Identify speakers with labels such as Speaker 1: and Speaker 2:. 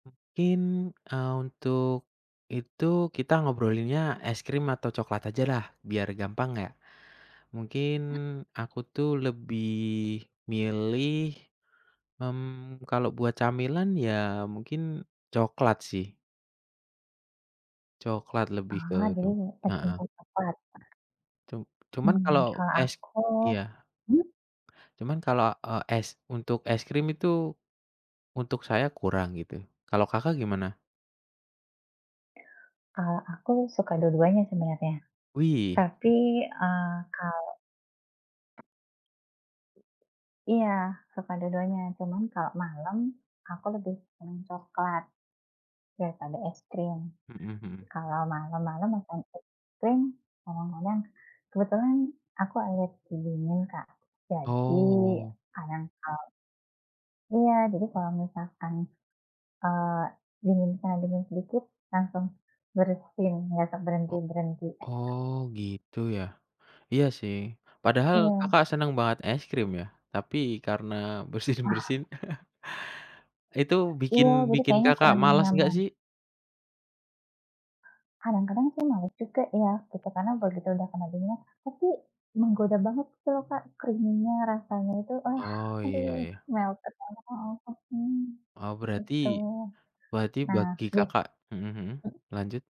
Speaker 1: Mungkin, eee, untuk itu, kita ngobrolinnya es krim atau coklat ajalah, biar gampang yak. Mungkin
Speaker 2: E
Speaker 1: aku tuh lebih milih, mmm, kalau buat camilan, ya mungkin coklat sih. Coklat lebih ke
Speaker 2: Ah,
Speaker 1: cu heeh.
Speaker 2: [unintelligible]
Speaker 1: Cum cuman
Speaker 2: Mmm,
Speaker 1: kalau,
Speaker 2: kalau
Speaker 1: es
Speaker 2: aku
Speaker 1: iya.
Speaker 2: hmm.
Speaker 1: Cuman kalau, eee, es untuk es krim itu, untuk saya kurang gitu, kalo Kakak, gimana?
Speaker 2: Eee, aku suka dua-duanya sebenarnya.
Speaker 1: Wih.
Speaker 2: Tapi eee, kalau Iya, suka dua-duanya, cuman kalau malam, aku lebih seneng coklat, daripada es krim.
Speaker 1: Mhm mhm.
Speaker 2: Kalau malam-malam makan es krim, kadang-kadang kebetulan aku alergi dingin Kak, jadi
Speaker 1: Oh.
Speaker 2: kadang kalau iya jadi kalau misalkan eee, dingin kalau dingin sedikit langsung bersin, enggak
Speaker 1: O
Speaker 2: berhenti-berhenti.
Speaker 1: oh gitu ya, iya sih padahal
Speaker 2: Iya.
Speaker 1: Kakak, seneng banget es krim ya, tapi karena
Speaker 2: Ah.
Speaker 1: bersin-bersin, itu bikin
Speaker 2: Iya, jadi
Speaker 1: bikin
Speaker 2: kayaknya
Speaker 1: Kakak,
Speaker 2: kurang
Speaker 1: malas enggak
Speaker 2: nyaman.
Speaker 1: sih?
Speaker 2: Kadang-kadang sih males juga ya, gitu. Karena
Speaker 1: [unintelligible]
Speaker 2: begitu udah kena dinginnya tapi menggoda banget gitu lho Kak, creamy-nya, rasanya itu, ah
Speaker 1: Oh, iya
Speaker 2: aduh
Speaker 1: ya.
Speaker 2: melted, enak banget nih,
Speaker 1: Oh berarti
Speaker 2: gitu.
Speaker 1: berarti
Speaker 2: Nah,
Speaker 1: bagi
Speaker 2: bit
Speaker 1: Kakak, mhm mhm,
Speaker 2: hmm.
Speaker 1: lanjut.